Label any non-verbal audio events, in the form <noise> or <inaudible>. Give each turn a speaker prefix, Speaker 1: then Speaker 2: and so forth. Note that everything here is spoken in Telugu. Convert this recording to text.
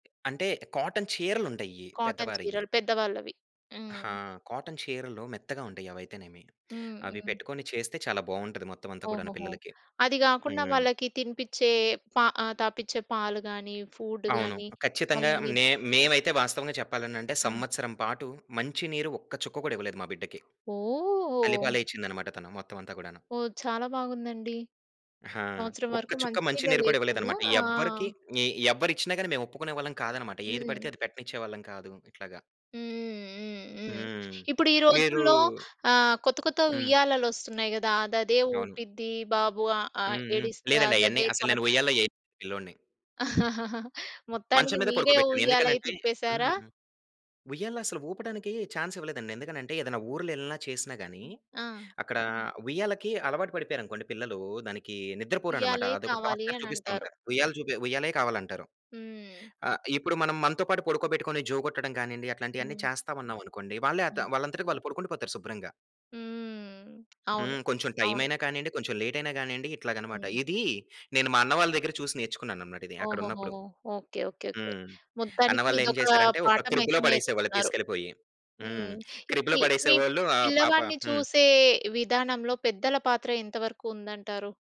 Speaker 1: అంటే, కాటన్ చీరలుంటాయి
Speaker 2: కాటన్
Speaker 1: పెద్దవారియ్యి.
Speaker 2: చీరలు. పెద్ద వాళ్ళవి.
Speaker 1: ఆ!
Speaker 2: హ్మ్.
Speaker 1: కాటన్ చీరలు మెత్తగా ఉంటాయి. అవయితేనేమి
Speaker 2: హ్మ్.
Speaker 1: అవి
Speaker 2: హ్మ్.
Speaker 1: పెట్టుకొని చేస్తే, చాలా బాగుంటది మొత్తమంతా కూడాను
Speaker 2: ఓహోహో!
Speaker 1: పిల్లలకి.
Speaker 2: అది గాకుండా
Speaker 1: హ్మ్.
Speaker 2: వాళ్ళకి తినిపిచ్చే ప ఆహ్, తాపిచ్చే పాలు గానీ, ఫూడ్
Speaker 1: అవును,
Speaker 2: గానీ
Speaker 1: ఖచ్చితంగా
Speaker 2: వాళ్ళని
Speaker 1: నే మేమైతే వాస్తవంగా చెప్పాలనంటే,
Speaker 2: హ్మ్.
Speaker 1: సంవత్సరం పాటు మంచి నీరు ఒక్క చుక్క గూడా ఇవ్వలేదు మా బిడ్డకి. తల్లి
Speaker 2: ఓహ్!
Speaker 1: పాలే ఇచ్చిందనమాట తను. మొత్తమంతా గూడాను.
Speaker 2: ఓహ్! చాలా బాగుందండి.
Speaker 1: ఆ!
Speaker 2: సంవత్సరం
Speaker 1: ఒక్క
Speaker 2: వరకు
Speaker 1: చుక్క
Speaker 2: మంచి
Speaker 1: మంచి
Speaker 2: నీళ్ళే
Speaker 1: నీరు కూడా
Speaker 2: లేకుండా
Speaker 1: ఇవ్వలేదనమాట.
Speaker 2: ఆ!
Speaker 1: ఎవ్వరికి ఇ ఎవ్వరిచ్చినా గానీ మేమొప్పుకునే వాళ్ళం కాదనమాట. ఏది పడితే
Speaker 2: హ్మ్.
Speaker 1: అది పెట్టనిచ్చేవాళ్ళం కాదు. ఇట్లాగా.
Speaker 2: హ్మ్. హ్మ్. హ్మ్. హ్మ్.
Speaker 1: హ్మ్.
Speaker 2: ఇప్పుడు ఈ
Speaker 1: మీరూ
Speaker 2: రోజుల్లో ఆహ్, కొత్త కొత్త
Speaker 1: హ్మ్.
Speaker 2: ఉయ్యాలలొస్తున్నాయి గదా! అదదే
Speaker 1: అవును.
Speaker 2: ఊపిద్ది బాబు ఆహ్, ఆ!
Speaker 1: హ్మ్. హ్మ్.
Speaker 2: ఏడిస్తే
Speaker 1: లేదండి. అయన్ని
Speaker 2: అదదే
Speaker 1: అసలు
Speaker 2: పాట్
Speaker 1: నేను ఉయ్యల్లో ఎయ్యాను పిల్లోడిని.
Speaker 2: <chuckles>
Speaker 1: మంచం
Speaker 2: మొత్తానికి
Speaker 1: మీద
Speaker 2: మీరే
Speaker 1: పడుకోబెట్టాను.
Speaker 2: ఉయ్యాలై
Speaker 1: ఎందుకనంటే
Speaker 2: తిప్పేసారా?
Speaker 1: హ్మ్. ఉయ్యాల్లో అసలూపడానికి చాన్స్ ఇవ్వలేదండి. ఎందుకనంటే ఏదైనా ఊర్లేళ్ళిన చేసినా గానీ,
Speaker 2: ఆ!
Speaker 1: అక్కడ ఉయ్యాలకి అలవాటు పడిపోయారనుకోండి పిల్లలు దానికి నిద్రపోరనమాట.
Speaker 2: ఉయ్యాలే
Speaker 1: అదొక
Speaker 2: కావాలి
Speaker 1: టార్చర్
Speaker 2: అనంటారు.
Speaker 1: చూపిస్తూంటారు. ఉయ్యాల చూ ఉయ్యాలే కావాలంటారు.
Speaker 2: హ్మ్.
Speaker 1: ఆహ్, ఇప్పుడు మనం మనతో పాటు పడుకోబెట్టుకొని, జో కొట్టడం గానీండి అట్లాంటియన్నీ
Speaker 2: హ్మ్.
Speaker 1: చేస్తామన్నాం అనుకోండి. వాళ్ళే
Speaker 2: హ్మ్.
Speaker 1: అత వాళ్ళంతటికి వాళ్ళు పడుకుండిపోతారు శుభ్రంగా.
Speaker 2: హ్మ్. అవును.
Speaker 1: హ్మ్. కొంచెం
Speaker 2: అవును.
Speaker 1: టైమైన కానీండి, కొంచెం లేటైన గానీండి, ఇట్లాగనమాట.
Speaker 2: హ్మ్.
Speaker 1: ఇదీ నేను మా అన్న వాళ్ళ దగ్గర చూసి నేర్చుకున్నాననమాట
Speaker 2: ఓహోహో!
Speaker 1: అక్కడున్నప్పుడు.
Speaker 2: ఓకే. ఓకే. ఓకే.
Speaker 1: హ్మ్.
Speaker 2: మొత్తానికి
Speaker 1: అన్నవాళ్ళేం
Speaker 2: ఇదొక
Speaker 1: చేసారంటే, ఒక
Speaker 2: పాఠమయితే
Speaker 1: క్రిబ్‌లో పడేసేవాళ్ళు,
Speaker 2: నేర్చుకున్నారు.
Speaker 1: తీసుకెళ్ళిపోయి. హ్మ్.
Speaker 2: హ్మ్.
Speaker 1: క్రిబ్‌లో
Speaker 2: చూపి మీ
Speaker 1: పడేసేవోళ్ళు ఆ పాప
Speaker 2: పిల్లవాడిని
Speaker 1: హ్మ్.
Speaker 2: చూసే విధానంలో పెద్దల పాత్ర ఎంతవరకు ఉందంటారు?